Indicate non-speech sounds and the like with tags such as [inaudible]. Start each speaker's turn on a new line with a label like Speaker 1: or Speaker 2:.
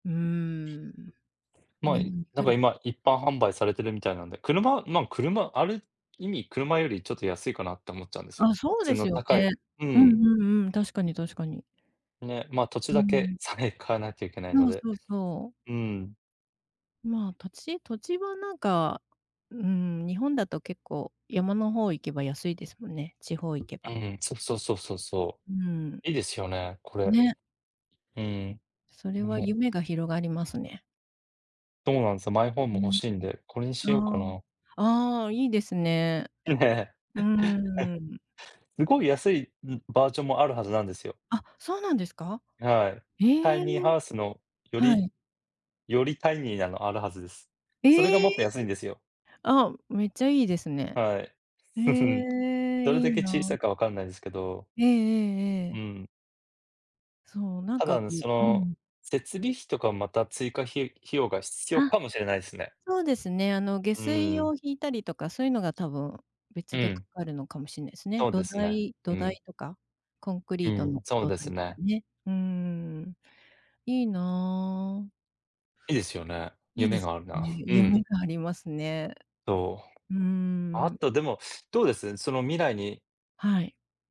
Speaker 1: うーん。
Speaker 2: ま、
Speaker 1: 日
Speaker 2: い
Speaker 1: 本に
Speaker 2: な
Speaker 1: 来
Speaker 2: んか
Speaker 1: る。
Speaker 2: 今、一般販売されてるみたいなんで、車まん、車ある意味車よりちょっと安いかなって思っちゃうんですよ。
Speaker 1: あ、そ
Speaker 2: 普
Speaker 1: う
Speaker 2: 通
Speaker 1: で
Speaker 2: の
Speaker 1: すよ
Speaker 2: 高い
Speaker 1: ね。
Speaker 2: う
Speaker 1: うん
Speaker 2: ん。
Speaker 1: うんうん。確かに確かに。
Speaker 2: ね、ま、土地
Speaker 1: う
Speaker 2: だけ
Speaker 1: ん。
Speaker 2: さえ買わなきゃいけない
Speaker 1: な
Speaker 2: の
Speaker 1: おそ
Speaker 2: で
Speaker 1: うそう。
Speaker 2: うん。
Speaker 1: まあ、土地土地はなんか、うん、日本だと結構山の方行けば安いですもんね、地方行けば。
Speaker 2: ええ、そうそうそうそうそ
Speaker 1: うん。
Speaker 2: う。いいですよね、これ。
Speaker 1: ね。
Speaker 2: うん。ん、
Speaker 1: それは
Speaker 2: も。
Speaker 1: 夢が広がりますね。
Speaker 2: とうなんすよ、マイホー
Speaker 1: う
Speaker 2: ム欲
Speaker 1: ん
Speaker 2: しいんで、これに
Speaker 1: う
Speaker 2: し
Speaker 1: ん。
Speaker 2: ようか
Speaker 1: あ
Speaker 2: な。
Speaker 1: あ、ああ、いいですね。
Speaker 2: いいね。
Speaker 1: うーん。
Speaker 2: [chuckles] すごい安い、ん、バージョンもあるはずなんですよ。
Speaker 1: あ、そうなんですか。
Speaker 2: はい。タ
Speaker 1: へ
Speaker 2: イ
Speaker 1: え。
Speaker 2: ニーハウスの、よ
Speaker 1: は
Speaker 2: り
Speaker 1: い。
Speaker 2: よりタイニーなのあるはずです。それがも
Speaker 1: え
Speaker 2: っ
Speaker 1: え！
Speaker 2: と安いんですよ。
Speaker 1: あ、めっちゃいいですね。
Speaker 2: はい。
Speaker 1: へ
Speaker 2: [chuckles]
Speaker 1: え、
Speaker 2: どれ
Speaker 1: い
Speaker 2: だ
Speaker 1: い
Speaker 2: け小さ
Speaker 1: な。
Speaker 2: いか分かんないですけど
Speaker 1: ええええ
Speaker 2: う
Speaker 1: ええ。
Speaker 2: ん。
Speaker 1: そう、なん
Speaker 2: ただ、
Speaker 1: か
Speaker 2: あ
Speaker 1: こ
Speaker 2: ぬ、
Speaker 1: う
Speaker 2: そ
Speaker 1: う
Speaker 2: の、
Speaker 1: ん。
Speaker 2: 設備費とかまた追加費費用が必要
Speaker 1: あ。
Speaker 2: かもしれないすね。
Speaker 1: そうですね、あの下
Speaker 2: う
Speaker 1: 水
Speaker 2: ん。
Speaker 1: を引いたりとか、そういうのが多分、
Speaker 2: う
Speaker 1: 別でか
Speaker 2: ん。
Speaker 1: かるのかもしんないすね。
Speaker 2: そう
Speaker 1: 土
Speaker 2: ですね、
Speaker 1: 台土
Speaker 2: うん。
Speaker 1: 台とか、コンク
Speaker 2: う
Speaker 1: リート
Speaker 2: ん、
Speaker 1: の
Speaker 2: そう
Speaker 1: 土
Speaker 2: です
Speaker 1: 台とか
Speaker 2: ね。
Speaker 1: ね。うーん。いいな。
Speaker 2: いいですよね。
Speaker 1: いい
Speaker 2: 夢
Speaker 1: です
Speaker 2: があるな。
Speaker 1: ね、
Speaker 2: う
Speaker 1: 夢
Speaker 2: ん。
Speaker 1: がありますね。
Speaker 2: とう。
Speaker 1: う
Speaker 2: あ
Speaker 1: ん。
Speaker 2: と、でも、どうです？その未来に。
Speaker 1: はい。